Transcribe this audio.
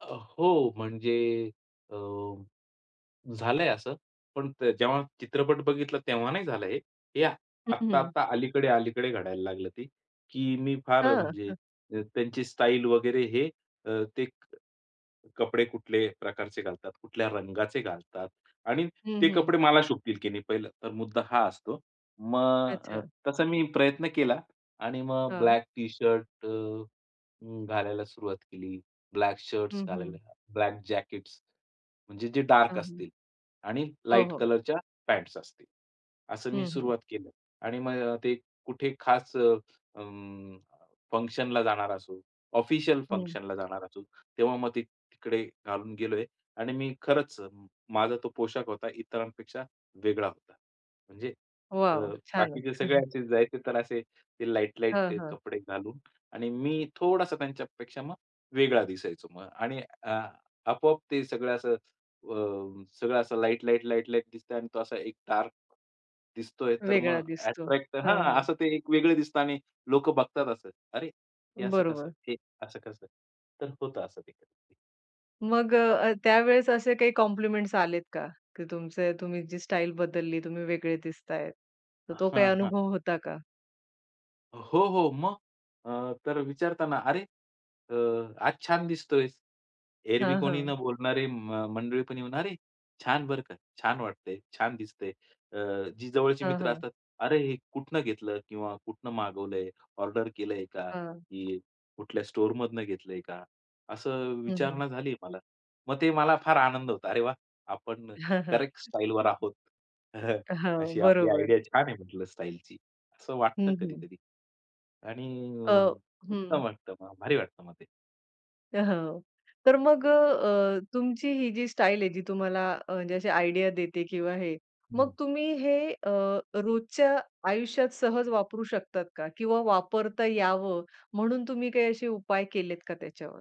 अ, हो म्हणजे अ, झालंय असं. पण त जेव्हा चित्रपट बघितला तेव्हा नाही झालं हे. हे आत्त हं, हं. आत्ता-आत्ता अलीकडे-अलीकडे घडायला लागलं ते, की मी फार अ, हं, म्हणजे हं. अ, त्यांची स्टाईल वगैरे हे, अ, ते क कपडे कुठले प्रकारचे घालतात, कुठल्या रंगाचे घालतात आणि हं, ते हं. कपडे मला शोभतील की नाही पहिलं, तर मुद्दा हा असतो. मग अ, अच्छा. तसं मी प्रयत्न केला आणि मग हां. ब्लॅक टी-शर्ट अ, अं, घालायला सुरुवात केली. ब्लॅक शर्ट्स हं, घालायला, हं. ब्लॅक जॅकेट्स, म्हणजे जे डार्क हां, हं. असतील आणि हो, लाईट हो. कलरच्या पॅन्ट्स असतील. असं मी हं, हं. सुरुवात केलं आणि मग ते कुठे खास अ, अं, फंक्शनला जाणार असो, ऑफिशियल हं. फंक्शनला जाणार असू, तेव्हा मग ते तिकडे घालून गेलोय आणि मी खरंच अ, माझा तो पोशाख होता इतरांपेक्षा वेगळा होता. म्हणजे, अ, वॉव! बाकीचे छानच. सगळ्यांचे जे आहे ते तर असे ते लाईट-लाईट हां, हां. कपडे घालून आणि मी थोडासा त्यांच्यापेक्षा मग वेगळा दिसायचो मग. आणि आ, आपोआप ते सगळं असं अ, सगळं असं लाईट-लाईट, लाईट-लाईट दिसतंय आणि तो असा एक डार्क दिसतोय. तर मग वेगळा दिसतो. अट्रॅक्ट तर हां, हां, हां. असं ते एक वेगळं दिसतं आणि लोक बघतात असं, "अरे! हे असं कसं? बरोबर. हे असं कसं?" तर होतं असं ते कधी-कधी. मग अ, अ, त्यावेळेस असे काही कॉम्प्लिमेंट्स आलेत का? की तुमचं तुम्ही जी स्टाईल बदलली, तुम्ही वेगळे दिसतायेत. तर तो काही हां, हां. अनुभव होता का? हो हो. मग, अ, तर अ, विचारतं ना, "अरे अ, आज छान दिसतोयस." एरवी हां, कोणी न हां. बोलणारे म मंडळी पण येऊन, "अरे, छान बरं का! छान वाटतंय, छान दिसतंय." अ, जी जवळची हां, मित्र हां. असतात, "अरे हे कुठनं घेतलं?" किंवा "कुठनं मागवलंय? ऑर्डर केलंय का? हां. की कुठल्या स्टोअरमधनं घेतलंय का?" असं हं, हं. विचारणा झालीय मला. मग ते मला फार आनंद होता. अरे, वाह! आपण करेक्ट स्टाईलवर आहोत. हां, अशी आपली बरोबर. आयडिया छान आहे म्हटलं स्टाईलची. असं वाटतं हं, हं. कधी-कधी. आणि अ अं, हं. उत्तम वाटतं मग, भारी वाटतं मग ते. अ, हो. तर मग अ, अ, तुमची ही जी स्टाईल आहे जी तुम्हाला अ, म्हणजे अशी आयडिया देते किंवा हे, हं, मग हं. तुम्ही हे अ, रोजच्या आयुष्यात सहज वापरू शकतात का? किंवा वापरता यावं म्हणून तुम्ही काही असे उपाय केलेत का त्याच्यावर?